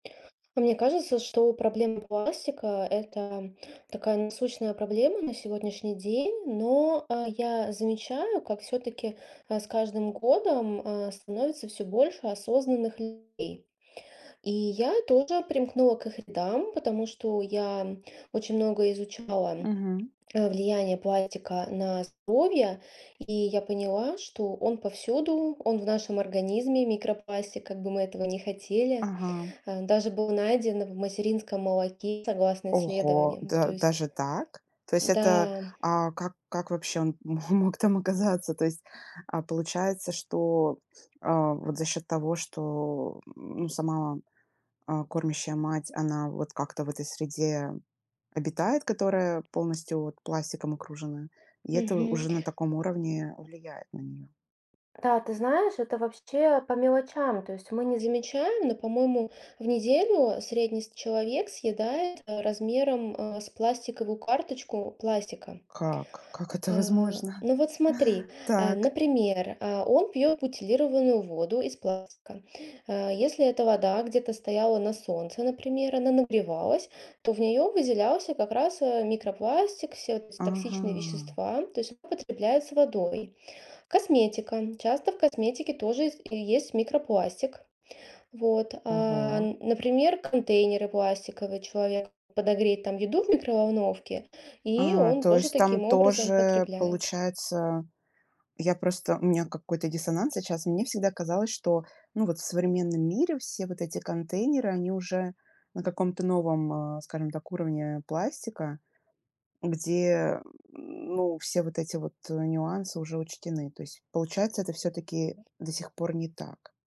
И мне кажется, что проблема пластика- это такая насущная проблема на сегодняшний день. Но, а, я замечаю, как всё-таки, а, с каждым годом, а, становится всё больше осознанных людей. И я тоже примкнула к их рядам, потому что я, м, очень много изучала, Мгм. а, влияние пластика на здоровье, и я поняла, что он повсюду, он в нашем организме микропластик, как бы мы этого ни хотели. Ага. А, даже был найден в материнском молоке согласно Ого! исследованиям, то Да есть даже так? То есть это, Да. а, как как вообще он мо мог там оказаться? То есть, а, получается, что, а, вот за счет того, что, м, ну сама, а, кормящая мать, она вот как-то в этой среде обитает, которая полностью вот пластиком окружена, и это Мгм. уже на таком уровне влияет на нее. Да, ты знаешь, это вообще по мелочам, то есть мы не замечаем, но, по-моему, в неделю средний с человек съедает размером, а, с пластиковую карточку пластика. Как как это А, возможно? ну вот смотри, а, Так. например, а, он пьет бутилированную воду из пластика. А, если эта вода где-то стояла на солнце, например, она нагревалась, то в нее выделялся как раз, а, микропластик, все вот эти токсичные Ага. вещества, то есть он употребляет с водой. Косметика. Часто в косметике тоже есть и есть микропластик. Вот, а, Ого. н например, контейнеры пластиковые человек подогреет там еду в микроволновке, и А, он то тоже есть там таким образом тоже потребляет. получается, я просто у меня какой-то диссонанс сейчас. Мне всегда казалось, что, ну, вот в современном мире все вот эти контейнеры, они уже на каком-то новом, а, скажем так, уровне пластика, где, м, ну, все вот эти вот, а, нюансы уже учтены. То есть, получается, это всё-таки до сих пор не так.